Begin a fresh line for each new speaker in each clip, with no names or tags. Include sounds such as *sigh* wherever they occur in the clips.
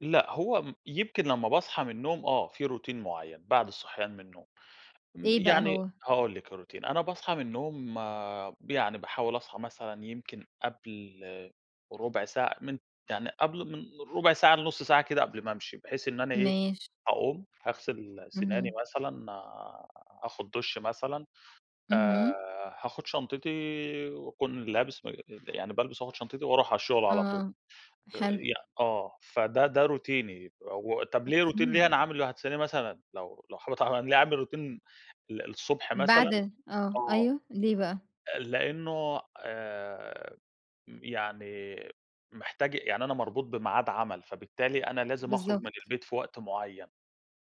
لأ، هو م يمكن لمّا باصحى من النوم آه، في روتين معيّن بعد الصحيان من النوم، م
إيه بقى
يعني
هو؟
هاقول لِك الروتين، أنا باصحى من النوم يعني باحاول أصحى مثلًا يمكن قبل ربع ساعة من يعني قبل من ربع ساعة لنص ساعة كده قبل ما أمشي بحيث إن أنا إيه،
ماشي.
هاقوم هاغسل سناني
اهم.
مثلًا، آخد دُش مثلًا، آآ
اهم.
هاخد شنطتي وأكون لابس م يعني بالبس وآخد شنطتي وأروح على الشغل على طول
آه،
آآ،
حلو.
ي آه، فده ده روتيني وطَب ليه روتين
أوكي.
ليه، أنا عامِله هتسأليني مثلًا لو لو حابة طبعًا، ليه عامل روتين ال الصبح مثلًا،
بعد آه،
آه،
أيوه، ليه بقى؟
لأنه آآ، م يعني محتاج يعني أنا مربوط بميعاد عمل، فبالتالي أنا لازم أخرج من
بالضبط.
البيت في وقت معيّن،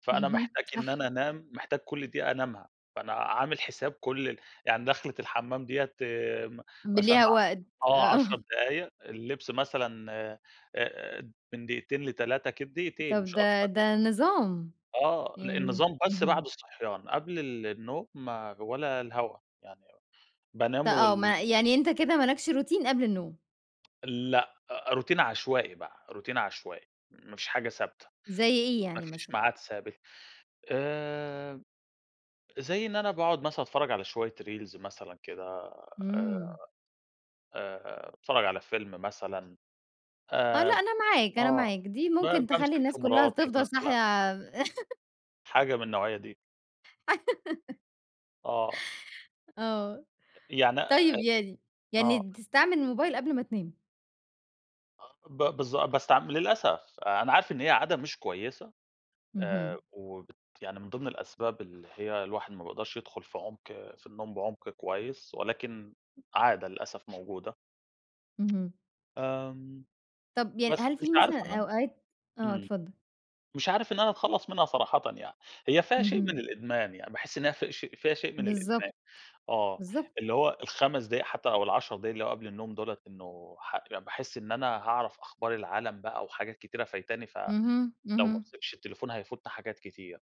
فأنا
اهم
محتاج إن
صح.
أنا أنام، محتاج كل دقيقة أنامها، فأنا عامِل حساب كل ال يعني داخلِة الحمام ديّة
ب
مثلًا
ليها وقت،
آه، 10
آه.
دقايق اللبس مثلًا آآ من دقيقتين ل3 كد دقيقتين،
طَب
مش
ده
أكتر يعني.
ده نظام،
آه، لأ
يعني
النظام بس
اهم.
بعد الصحيان قبل النوم ما ولا الهوا، يعني
ده
بانام
آه،
وال
ما يعني أنت كده مالكش روتين قبل النوم.
*tsk* لأ روتين عشوائي بقى، روتين عشوائي ما فيش حاجة ثابتة،
زي إيه
ما
يعني
فيش
مثلًا؟
معاد ثابت، آآ، زي إن أنا باقعد مثلًا أتفرج على شوية reels مثلًا كده،
إمم.
آآ اتفرج على فيلم مثلًا
آه، لأ
آآ،
أنا معاك، أنا
آه،
معاك، دي
ب
ممكن تخلي
بامسك في
الناس كلها
مراتي
تفضل
مثلًا.
صاحية. *laughs*
حاجة من النوعية دي.
*laughs*
آه.
آه،
أ يعني أ
طيب يعني يعني
آه.
بتستعمل الموبايل قبل ما تنام.
آه، ب بالضبط بس ع للأسف أنا عارف إن هي عادة مش كويسة،
اهم.
آآ، وبت يعني من ضمن الأسباب اللي هي الواحد ما بيقدرش يدخل في عمق في النوم بعمق كويس، ولكن عادة للأسف موجودة.
اهم.
آمم،
طَب يعني
بس
هل
مش
في
عارف
مثلًا
أنام،
أوقات آه،
إمم
اتفضّل.
مش عارف إن أنا أتخلّص منها صراحةً يعني، هي فيها شيء
اهم.
من الإدمان يعني، باحس إن هي فيها شيء فيها شيء من الإدمان
بالضبط،
آه،
بالضبط.
اللي هو ال5 دقائق حتى أو ال10 دقائق اللي قبل النوم دولة إنه ح يعني باحس إن أنا هاعرف أخبار العالم بقى وحاجات كتيرة فايتاني، ف
اهم،
لو ما
اهم.
مسكتش التليفون هيفوتنا حاجات كتير.